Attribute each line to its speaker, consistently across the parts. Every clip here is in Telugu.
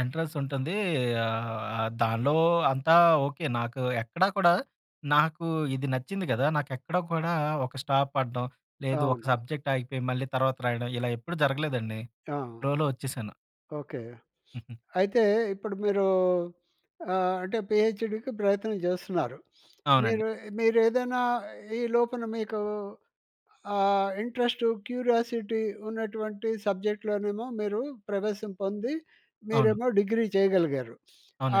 Speaker 1: ఎంట్రన్స్ ఉంటుంది. ఆహ్, దానిలో అంతా ఓకే నాకు ఎక్కడా కూడా నాకు ఇది నచ్చింది గదా! నాకు ఎక్కడా కూడా ఒక స్టాప్ పడడం, లేదు ఒక
Speaker 2: అవును.
Speaker 1: సబ్జెక్ట్ ఆగిపోయి మళ్ళీ తర్వాత రాయడం, ఇలా ఎప్పుడూ జరగలేదండి.
Speaker 2: ఆ!
Speaker 1: ఫ్లో‌లో వచ్చేసాను.
Speaker 2: ఓకే. అయితే, ఇప్పుడు మీరు ఆహ్, అంటే పీహెచ్‌డీకి ప్రయత్నం జేస్తున్నారు.
Speaker 1: అవునండి.
Speaker 2: మీరు, మీరు ఏదైనా ఈ లోపల మీకు ఆహ్, ఇంట్రెస్ట్, క్యూరియాసిటీ ఉన్నటువంటి సబ్జెక్ట్‌లోనేమో మీరు ప్రవేశం పొంది,
Speaker 1: అవును.
Speaker 2: మీరేమో డిగ్రీ చేయగలిగారు.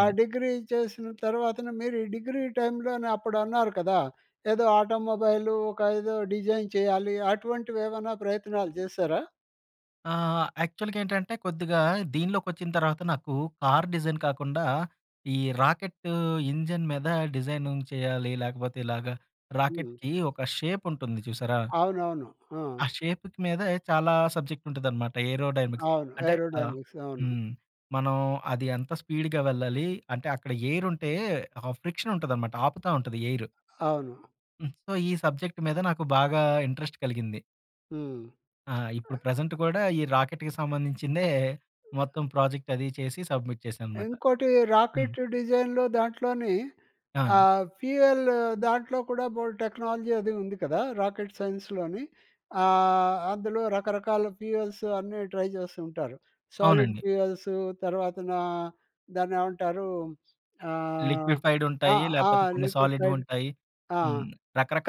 Speaker 2: ఆ డిగ్రీ చేసిన తర్వాతన మీరు ఈ డిగ్రీ టైమ్‌లోనే అప్పుడు అన్నారు కదా! ఏదో ఆటోమొబైలూ, ఒక ఏదో డిజైన్ చేయాలి, అటువంటివేవన్నా ప్రయత్నాలు జేసారా?
Speaker 1: ఆ! యాక్చువల్‌గేంటంటే కొద్దిగా దీనిలోకోచ్చిన తర్వాత, నాకు కార్ డిజైన్ కాకుండా ఈ రాకెట్టు ఇంజిన్ మీద డిజైనింగ్ చేయాలి లేకపోతే ఇలాగా
Speaker 2: హ్మ్.
Speaker 1: రాకెట్‌కి ఒక షేపుంటుంది చూసారా?
Speaker 2: అవునవును. ఆ!
Speaker 1: ఆ షేప్‌కి మీద చాలా సబ్జెక్ట్ ఉంటదన్నమాట ఏరోడైనమిక్స్
Speaker 2: అవును.
Speaker 1: అంటే ఆహ్
Speaker 2: ఏరోడైనమిక్స్. అవును.
Speaker 1: హ్మ్. మనం అది ఎంత స్పీడ్‌గా వెళ్ళాలి? అంటే అక్కడ ఎయిరుంటే ఆ ఫ్రిక్షన్ ఉంటదనమాట ఆపుతా ఉంటది ఎయిరు.
Speaker 2: అవును.
Speaker 1: హ్మ్. సో ఈ సబ్జెక్ట్ మీద నాకు బాగా ఇంట్రెస్ట్ కలిగింది.
Speaker 2: హ్మ్.
Speaker 1: ఆ! ఇప్పుడు ప్రెజెంట్ గూడా ఈ రాకెట్‌కి సంబంధించిందే మొత్తం ప్రాజెక్ట్ అదీ చేసి సబ్మిట్ చేశాననమాట.
Speaker 2: ఇంకోటి
Speaker 1: హ్మ్.
Speaker 2: రాకెట్ డిజైన్‌లో దాంట్లోని
Speaker 1: ఆ! అండి.
Speaker 2: ఆహ్, ఫ్యూయల్ దాంట్లో కూడా బోలెడు టెక్నాలజీ అది ఉంది కదా! రాకెట్ సైన్స్‌లోని ఆహ్, అందులో రకరకాల ఫ్యూయల్స్ అన్నీ ట్రై జేసుంటారు. సాలిడ్
Speaker 1: అవునండి.
Speaker 2: ఫ్యూయల్స్ తర్వాతన దాన్ని ఏమంటారు, ఆహ్,
Speaker 1: లిక్విఫైడ్
Speaker 2: ఆ!
Speaker 1: ఉంటాయి
Speaker 2: ఆ!
Speaker 1: లేపోతే కొన్ని
Speaker 2: లిక్విఫైడ్
Speaker 1: సాలిడ్‌వుంటాయి.
Speaker 2: ఆ!
Speaker 1: హ్మ్.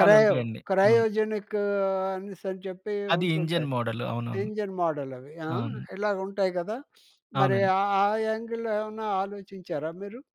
Speaker 2: క్రయో
Speaker 1: అవును.
Speaker 2: క్రయోజెనిక్ అనేసనీ చెప్పి
Speaker 1: అది ఇంజన్
Speaker 2: ఉంటుంటాయి.
Speaker 1: మోడలు. అవునవును.
Speaker 2: ఇంజిన్ మోడలవి ఆ!
Speaker 1: అవును.
Speaker 2: ఇలాగుంటాయి కదా! మరి
Speaker 1: అవునండి.
Speaker 2: ఆహ్, ఆహ్, యాంగిల్‌లో ఏవన్నా ఆలోచించారా మీరు?